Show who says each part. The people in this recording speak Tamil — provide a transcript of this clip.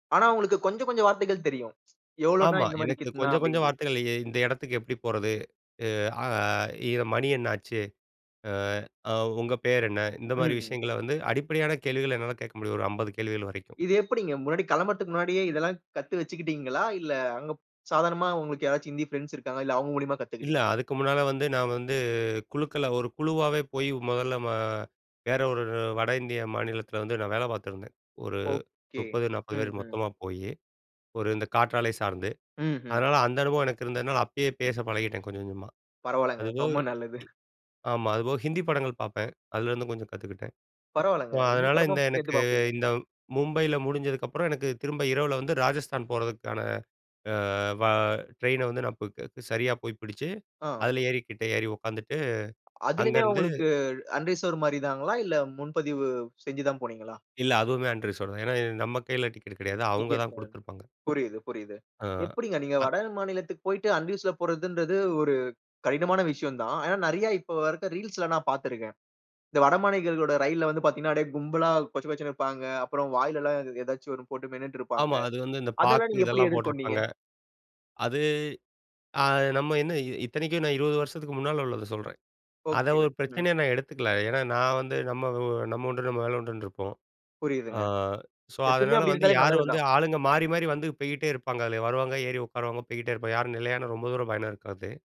Speaker 1: ஆனா, அவுங்களுக்கு கொஞ்சம் கொஞ்சம் வார்த்தைகள் தெரியும். எவ்வளவுன்னா
Speaker 2: ஆமா.
Speaker 1: இந்த மாதிரி
Speaker 2: எனக்கு
Speaker 1: கித்தினா
Speaker 2: கொஞ்சம், கொஞ்சம்
Speaker 1: அப்பிடின்டு.
Speaker 2: வார்த்தைகள் எ இந்த இடத்துக்கு எப்பிடி போறது? அ இது மணி என்னாச்சு? அ அ உங்க பேர் என்ன? இந்தமாரி
Speaker 1: ம்.
Speaker 2: விஷயங்கள வந்து அடிப்படையான கேள்விகள் என்னால கேட்க முடியும். ஒரு 50 கேள்விகள் வரைக்கும்.
Speaker 1: இது எப்பிடிங்க, முன்னாடி கிளம்புறதுக்கு முன்னாடியே இதெல்லாம் கத்து வச்சுட்டீங்களா? அங்க ப் சாதாரணமா உங்களுக்கு யாராச்சும் இந்தி பிரெண்ட்ஸ் இருக்காங்களா? இல்ல அவுங்க மூலியமா
Speaker 2: இல்ல.
Speaker 1: கத்துக்கிட்டீங்களா?
Speaker 2: அதுக்கு முன்னால வந்து நான் வந்து குழுக்கள ஒரு குழுவாவே போய் முதல்ல ம வேற ஒரு வட இந்திய மாநிலத்தில வந்து நான் வேலை பார்த்துருந்தேன். ஒரு
Speaker 1: ஓகே,
Speaker 2: 30, 40 பேரு
Speaker 1: ம்ஹ்ம்.
Speaker 2: மொத்தமா போயி. ஒரு இந்த காற்றாலை சார்ந்து.
Speaker 1: ம்ஹ்ம்.
Speaker 2: அதனால அந்த அனுபவம் எனக்கு இருந்ததுனால அப்பயே பேச பழகிட்டேன். கொஞ்சம், கொஞ்சமா.
Speaker 1: பரவாயில்லங்க.
Speaker 2: அதுபோக
Speaker 1: ரொம்ப நல்லது.
Speaker 2: ஆமா. அதுபோல ஹிந்தி படங்கள் பார்ப்பேன். அதுலேருந்து கொஞ்சம் கத்துக்கிட்டேன்.
Speaker 1: பரவாயில்லங்க.
Speaker 2: அ
Speaker 1: இந்தி
Speaker 2: அதனால,
Speaker 1: படமா
Speaker 2: இந்த
Speaker 1: சேர்த்து
Speaker 2: எனக்கு
Speaker 1: பார்ப்பீங்க.
Speaker 2: இந்த மும்பையில முடிஞ்சதுக்கப்பறம் எனக்கு திரும்ப இரவுல வந்து ராஜஸ்தான் போறதுக்கான அ வ ட்ரெயின வந்து நான் போ சரியா போய் பிடிச்சு,
Speaker 1: ஆ.
Speaker 2: அதில ஏறிக்கிட்டே ஏறி உட்காந்துட்டு
Speaker 1: அதுலயுமே
Speaker 2: அங்கேருந்து
Speaker 1: அவுங்களுக்கு அன்ட் ரிசவர்டு மாரி தாங்களா? இல்ல முன்பதிவு செஞ்சு தான் போனீங்களா?
Speaker 2: இல்ல. அதுவுமே அன்ட் ரிசர்வ்டு தான். ஏன்னா நம்ம கையில டிக்கெட் கிடையாது. அவுங்க
Speaker 1: டிக்கெட்
Speaker 2: தான்
Speaker 1: [unintelligible]
Speaker 2: கொடுத்துருப்பாங்க.
Speaker 1: புரியுது, புரியுது.
Speaker 2: ஆ,
Speaker 1: எப்பிடிங்க நீங்க
Speaker 2: அ.
Speaker 1: வட மாநிலத்துக்கு போயிட்டு அன்ட் ரிசவர்டுல போறதுன்றது ஒரு கடினமான விஷயம் தான். ஆனா, நிறைய இப்போ வரைக்கும் ரீல்ஸ்ல நான் பார்த்து இருக்கிறேன். இந்த வடமாநிலங்களோட ரயில் வந்து பார்த்தீங்கன்னா, அப்பிடியே கும்பலா கொசகொசன்னு இருப்பாங்க. அப்புறம் வாயில எல்லாம் ஏதாச்சும் ஒன்னு போட்டு மென்னுட்டு இருப்பாங்க.
Speaker 2: ஆமா. அது வந்து இந்த
Speaker 1: அதெல்லாம்
Speaker 2: பாக்கு
Speaker 1: நீங்க எப்பிடி
Speaker 2: இதெல்லாம்
Speaker 1: எதிர்கொண்டீங்க?
Speaker 2: போட்டிருப்பாங்க. அது அ நம்ம என்ன இ இத்தனைக்கும் நான் 20 வருஷத்துக்கு முன்னால உள்ளத சொல்றேன். அதை
Speaker 1: ஓகே.
Speaker 2: ஒரு
Speaker 1: ம்.
Speaker 2: பிரச்சனையா நான் எடுத்துக்கல. ஏன்னா நான் வந்து நம்ம, நம்ம உண்டு நம்ம வேல உண்டுன்னு இருப்போம். அ
Speaker 1: புரியுதுங்க.
Speaker 2: ஸோ,
Speaker 1: எப்பயுமே
Speaker 2: அதனால
Speaker 1: அப்பிடி
Speaker 2: வந்து
Speaker 1: இருந்தாலே
Speaker 2: யாரும்
Speaker 1: நல்லது
Speaker 2: வந்து
Speaker 1: தான்.
Speaker 2: ஆளுங்க மாறி, மாறி வந்து போயிட்டே இருப்பாங்க. அதுல வருவாங்க, ஏறி உட்காருவாங்க, போயிக்கிட்டே இருப்பாங்க யாரும் நிலையானா ரொம்ப தூரம் பயணம் இருக்காது.